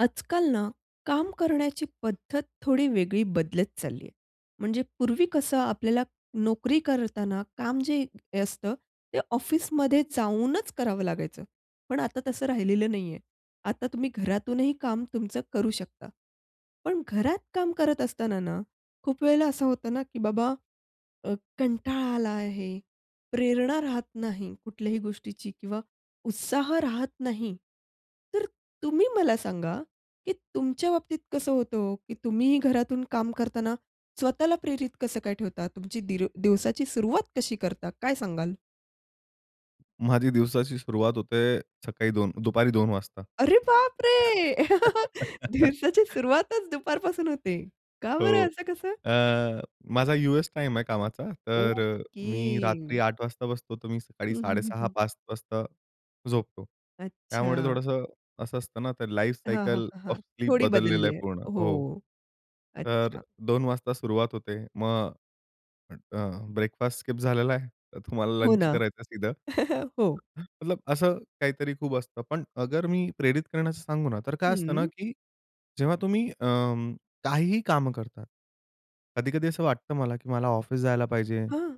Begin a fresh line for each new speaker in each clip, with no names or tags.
आजकाल ना काम करण्याची पद्धत थोडी वेगळी बदलत चालली आहे. म्हणजे पूर्वी कसं आपल्याला नोकरी करताना काम जे असतं ते ऑफिसमध्ये जाऊनच करावं लागायचं. पण आता तसं राहिलेलं नाहीये. आता तुम्ही घरातूनही काम तुमचं करू शकता. पण घरात काम करत असताना ना खूप वेळेला असं होतं ना की बाबा अ, कंटाळा आला आहे, प्रेरणा राहत नाही कुठल्याही गोष्टीची किंवा उत्साह राहत नाही. तर तुम्ही मला सांगा की तुमच्या बाबतीत कसं होतं हो की तुम्ही घरातून काम करताना स्वतःला प्रेरित कसं काय ठेवता? तुमची दिर दिवसाची सुरुवात कशी करता? काय सांगाल?
माझी दिवसाची सुरुवात होते सकाळी दोन दुपारी 2:00 वाजता.
अरे बापरे! दिवसाची सुरुवातच दुपारपासून होते. का बरं?
हो.
असं कसं?
अ, माझा यूएस टाईम आहे कामाचा. तर अ, मी रात्री
ओके.
8:00 वाजता बसतो, तर मी सकाळी
हं, हं,
साडे
हं,
सहा,
हं.
5:00 वाजता झोपतो. त्यामुळे
अच्छा.
थोडंसं असं असतं ना, तर
हां, हां,
लाईफसायकल
हां,
ओफ
हां.
स्लीप
थोडी
बदललेलं
बदलली
आहे
आहे.
पूर्ण. हो.
हो.
तर
अच्छा.
2:00 वाजता सुरुवात होते. मग अ, ब्रेकफास्ट स्किप झालेला आहे. तर तुम्हाला
हो
लंच
ना.
करायचं सीधं.
हो.
मतलब असं काहीतरी खूप असतं. पण अगर मी प्रेरित करण्याचं सांगू ना, तर काय असतं ना
हं.
की जेव्हा तुम्ही अं, काहीही कामं करता. कधी-कधी असं वाटतं मला की मला ऑफिस जायला पाहिजे,
हं.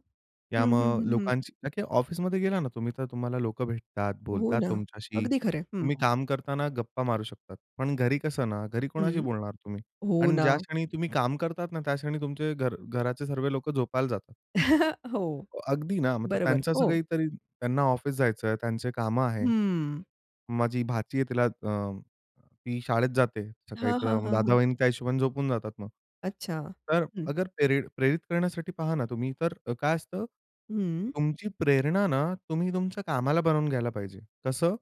या
हं, हं,
मग
हं, हं.
लोकांची का की ऑफिसमध्ये गेला ना तुम्ही तर तुम्हाला लोक भेटतात,
हो
बोलतात
ना.
तुमच्याशी.
अगदी खरंय. हं.
तुम्ही काम करताना गप्पा मारू शकतात. पण घरी कसं ना घरी कोणाशी
हं.
बोलणार तुम्ही?
हो
आणि
ना.
ज्या क्षणी तुम्ही काम करतात ना त्या क्षणी तुमचे घर घराचे सर्व लोक झोपायला जातात.
हो.
हो, अगदी ना. मतलब
बरोबर.
त्यांचं असं
हो.
काही तरी त्यांना ऑफिस जायचं आहे, त्यांचे कामं आहे.
हम्म.
माझी भाची आहे तिला अं, ती शाळेत जाते सकाळी
हां,
तर अ,
हां,
म
हां, हां.
दादा-वाहिनी त्या हिशोबाने झोपून जातात मग.
अच्छा.
तर
हं.
अगर प्रेरि प्रेरित करण्यासाठी पहा ना तुम्ही तर काय असतं?
हं.
तुमची प्रेरणा ना तुम्ही तुमच्या कामाला बनवून घ्यायला पाहिजे. तसं